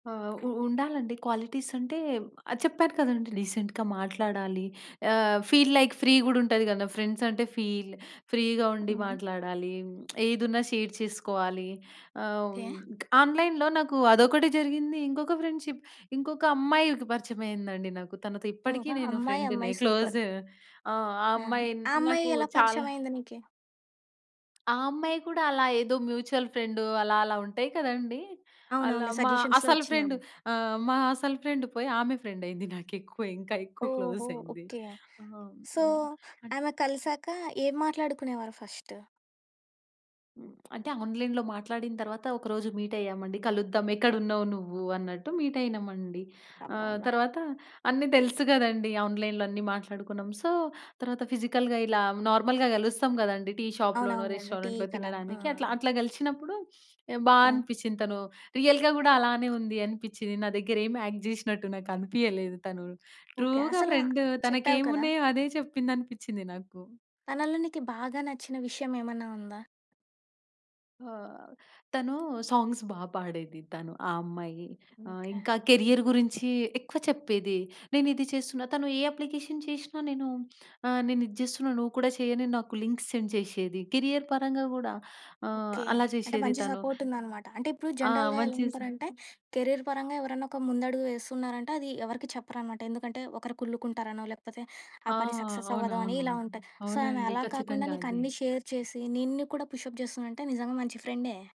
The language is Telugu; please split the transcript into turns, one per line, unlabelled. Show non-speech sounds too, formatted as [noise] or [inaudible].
ఆ! ఉ ఉండాలండి క్వాలిటీస్ అంటే ఆ! చెప్పాను కదండీ! రీసెంట్‌గా మాట్లాడాలి ఆహ్, ఫీల్ లైక్ ఫ్రీ కూడా ఉంటుంది కదా! ఫ్రెండ్స్ అంటే ఫీల్ ఫ్రీగా ఉండి
హుహు.
మాట్లాడాలి [smacks lips] ఏదున్నా షేర్ చేసుకోవాలి. ఆహ్, హ్మ్,
ఓకే.
ఆన్‌లైన్‌లో నాకు అదొకటి జరిగింది. ఇంకొక ఫ్రెండ్‌షిప్ ఇంకొక అమ్మాయికి పరిచమయిందండి నాకు. తనతో ఇప్పటికీ
ఓహో!
నేను
అమ్మాయి.
ఫ్రెండునే
అమ్మాయి సూపర్.
క్లోజు. ఆ!
ఆ!
అమ్మాయి
ఆ అమ్మాయి
నాకు
ఎలా
చాలా
పరిచయమయింది నీకీ?
ఆ అమ్మాయి కూడా అలా ఏదో మ్యూచువల్ ఫ్రెండు అలా అలా ఉంటాయి కదండీ!
అవును.
అలా
అవునులే.
మా
సజెషన్స్‌లో
అసలు ఫ్రెండు
వచ్చిందేమో.
ఆహ్, మా అసలు ఫ్రెండ్ పోయి ఆమె ఫ్రెండ్ అయింది. నాకెక్కువ ఇంకా ఎక్కువ
ఓహో!
క్లోజ్ అయింది.
ఓకే.
ఆ!
సో
హ్మ్, అంటే
ఆమె కలిసాక ఏం మాట్లాడుకునేవారు ఫస్టు.
హ్మ్. అంటే ఆన్‌లైన్‌లో మాట్లాడిన తరువాత ఒక రోజు మీట్ అయ్యామండి. కలుద్దాం ఎక్కడున్నావు నువ్వు అన్నట్టు మీట్ అయినమండి. ఆహ్,
అబ్బబ్బా!
తరువాత అన్ని తెలుసు కదండీ! ఆన్‌లైన్‌లో అన్నీ మాట్లాడుకున్నాం. సో తరువాత ఫిజికల్‌గా ఇలా నార్మల్‌గా కలుస్తాం కదండీ! టీ షాప్ లోనో
అవునవునులెండి. టీ
రెస్టారెంట్‌లో
కల. ఆ!
తినడానికి అట్లా అట్లా కలిసినప్పుడు [sniffs] బా
ఆ!
అనిపిచ్చింది. తను రియల్‌గా కూడా అలానే ఉంది అనిపిచ్చింది. నా దగ్గర ఏమి యాక్ట్ జేసినట్టు నాకు అనిపియలేదు తను.
ఓకే.
ట్రూ‌గా
అసల
ఫ్రెండ్
చెప్పావు కదా!
తనకేమున్నాయో అదే చెప్పిందనిపిచ్చింది నాకు.
తనలో నీకీ బాగా నచ్చిన విషయం ఏమన్నా ఉందా?
ఆహ్, తను సాంగ్స్ బా పాడేది. తను ఆ అమ్మాయి ఆహ్,
ఇంకా.
ఇంకా కెరియర్ గురించి ఎక్కువ చెప్పేది నేనిది చేస్తున్నా తను ఏ అప్లికేషన్ చేసినా నేను ఆహ్, నేను ఇది చేస్తున్నా నువ్వు కూడా చెయ్యని నాకు లింక్స్ సెండ్ చేసేది. కెరియర్ పరంగా కూడా ఆహ్,
ఓకే.
అలా
అంటే
చేసేది
మంచి
తను.
సపోర్ట్ ఉందనమాట. అంటే ఇప్పుడు
ఆ!
జనరల్‌గా ఎలా
మంచి సా
ఉంటారంటే కెరీర్ పరంగా ఎవరన్నా ఒక ముందడుగు వేస్తున్నారంటే అది ఎవరికీ చెప్పరనమాట. ఎందుకంటే ఒకరు కుల్లుకుంటారనో లేకపోతే ఆ
ఆ!
పని సక్సెస్ అవ్వదు అని
అవునవును.
ఇలా ఉంటాయి. సో ఆమె
అవునండి.
అలా కాకుండా
ఖచ్చితంగా
నీకు
ఇది.
అన్నీ షేర్ చేసి నిన్ను కూడా పుష్ అప్ చేస్తుందంటే నిజంగా మంచి ఫ్రెండే.